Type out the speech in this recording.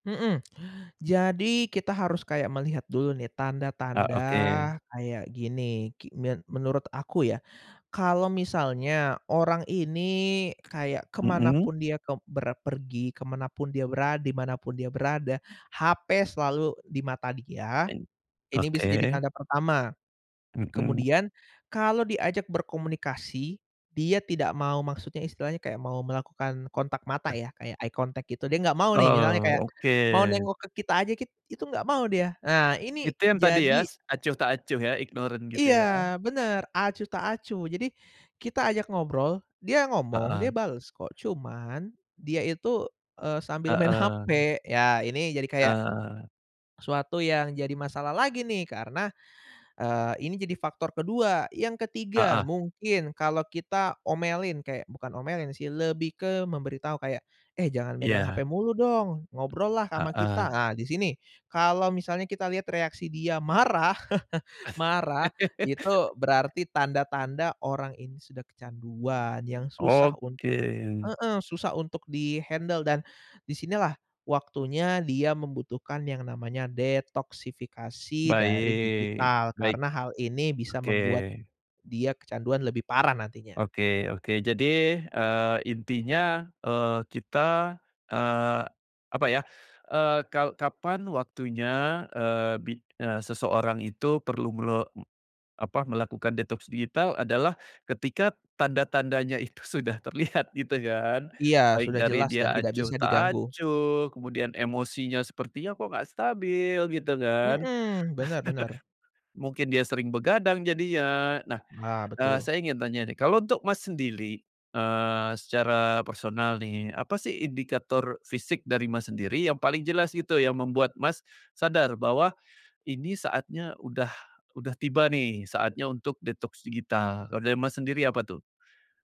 Mhm, jadi kita harus kayak melihat dulu nih Ah, tanda-tanda oke. kayak gini ki min menurut aku ya, kalau misalnya orang ini kayak Mhm. kemanapun dia kek berpergi kemanapun dia berada dimanapun dia berada hape selalu di mata dia, N ini bisa jadi oke. tanda pertama, Mhm. kemudian kalau diajak berkomunikasi dia tidak mau maksudnya istilahnya kayak mau melakukan kontak mata ya kayak eye contact gitu dia nggak mau nih misalnya Oh kayak, mau oke. nengok ke kita aja kit itu nggak mau dia, ah, ini Itu yang tadi ya jadi s acuh tak acuh ya ignorant gitu ya. Iya bener acuh tak acuh jadi, kita ajak ngobrol dia ngomong dia Heeh. bales kok cuman dia itu, eee, sambil main Heeh. hape ya ini jadi kayak, Nah. suatu yang jadi masalah lagi nih karena, eee, ini jadi faktor kedua yang ketiga Heeh. mungkin kalau kita omelin kayak bukan omelin sih lebih ke memberi tahu kayak, "Eh, jangan megang Iya. hape mulu dong ngobrollah ama kita," Heeh. ah, disini kalau misalnya kita lihat reaksi dia marah marah itu berarti tanda-tanda orang ini sudah kecanduan yang susah un Oke. heeh, susah untuk di-handle dan, disinilah waktunya dia membutuhkan yang namanya detoksifikasi dari Baik digital baik, karena hal ini bisa oke. membuat, dia kecanduan lebih parah nantinya. Oke oke jadi, eee, intinya, eee, kita, eee, apa ya, eee, kal kapan waktunya, eee, bi eee, seseorang itu perlu melo m apa melakukan detox digital adalah ketika tanda-tandanya itu sudah terlihat gitu kan Iya baik sudah dari jelas dan dia tidak acuh bisa tak diganggu. acuh kemudian emosinya sepertinya kok nggak stabil gitu kan, Mhm, bener bener. mungkin dia sering begadang jadinya nah, Ah, eee, betul. saya ingin tanya nih kalau untuk Mas sendiri, eee, secara personal nih apa sih indikator fisik dari Mas sendiri yang paling jelas gitu yang membuat Mas, sadar bahwa ini saatnya udah udah tiba nih saatnya untuk detox digital kalau dari Mas sendiri apa tuh?